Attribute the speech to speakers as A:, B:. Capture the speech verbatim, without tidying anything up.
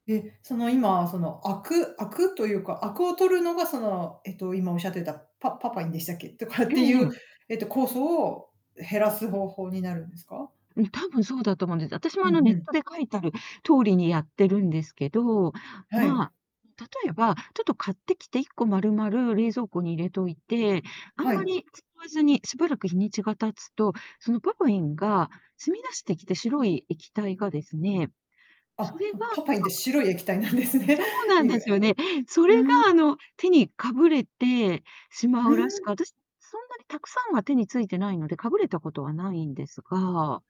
A: え、その、今、その、あくあくというか、あくを取るのが、その、えっと、今おっしゃってたパパパインでしたっけ？とかっ
B: え
A: て
B: え
A: い
B: え
A: う、
B: え。
A: えっと、酵素を減らす方法になるんですか？
B: うん、多分そうだと思うんです。私も、
A: う
B: あの、
A: ん
B: ネ
A: う
B: ッ
A: ん。
B: トで書いたる通りにやってるんですけど、
A: は
B: ま
A: い。
B: あ、例えば、ちょっと買ってきて、いっこ丸々冷蔵庫に入れといて、あん
A: は
B: ま
A: い。
B: り使わずにしばらく日にちが経つと、そのパパインが染み出してきて、白い液体がですね、そ
A: あ、
B: れは、
A: そのパ
B: な
A: パイ
B: ん
A: ンって
B: か、く
A: 白い液体なんですね。
B: そうな
A: で
B: ん
A: ぃぐ
B: で
A: え
B: すよね。それ
A: うん
B: が、あの、手にかぶれてしま
A: う
B: うらしく、
A: ん。
B: 私そんなにたくさんは手に付いてないのでかぶれたことはないんですが